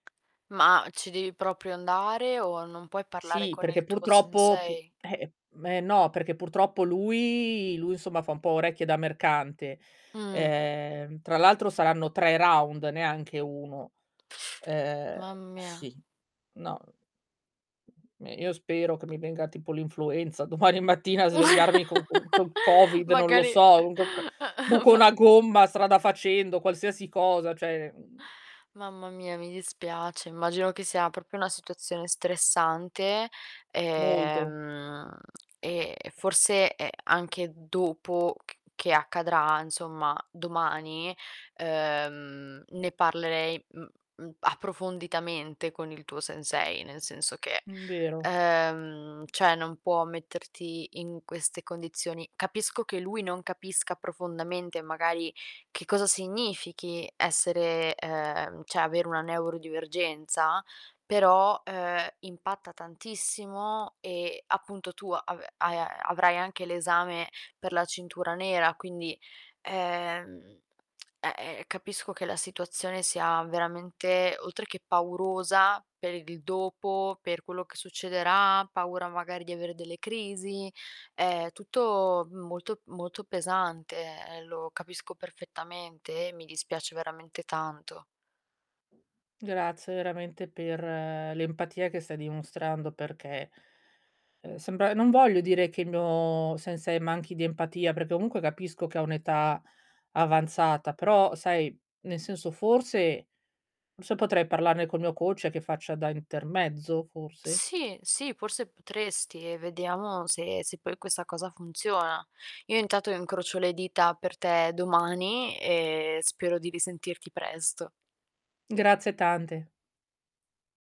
Ma ci devi proprio andare, o non puoi parlare Sì, con perché il tuo purtroppo, pu sensei? eh ehm, me no, perché purtroppo lui lui insomma fa un po' orecchie da mercante. Mh. Ehm, tra l'altro saranno 3 round, neanche 1. Ehm, Ma mia. sì, no ehm, io spero che mi venga tipo l'influenza domani mattina a svegliarmi con con col Covid, non lo Magari so, con co buco ma una gomma strada facendo, qualsiasi cosa, cioè, mhmm Mamma mia, mi dispiace. Immagino che sia proprio una situazione stressante, Molto. ehm, e forse, ehm, anche dopo c che accadrà, insomma domani, uhm, ne parlerei, mhmm, mhmm, approfonditamente con il tuo sensei, nel senso che, Mhmm, vero. uhm, cioè non può metterti in queste condizioni. Capisco che lui non capisca profondamente, magari, che cosa significhi essere uhm, cioè avere una neurodivergenza, però, uhm, impatta tantissimo, e appunto tu ave hai a-avrai anche l'esame per la cintura nera, quindi, ehm, eh-eh, capisco che la situazione sia veramente, oltre che paurosa per il dopo, per quello che succederà, paura magari di avere delle crisi. Ehm, tutto molto, molto pesante, ehm, lo capisco perfettamente, e mi dispiace veramente tanto. Grazie veramente per l'empatia che stai dimostrando perché, ehm, sembra non voglio dire che il mio sensei manchi di empatia, perché comunque capisco che ha un'età avanzata, però sai, nel senso forse forse potrei parlarne col mio coach che faccia da intermezzo, forse? Sì, sì, forse potresti e vediamo se se poi questa cosa funziona. Io intanto incrocio le dita per te domani, ehm, spero di risentirti presto. Grazie tante.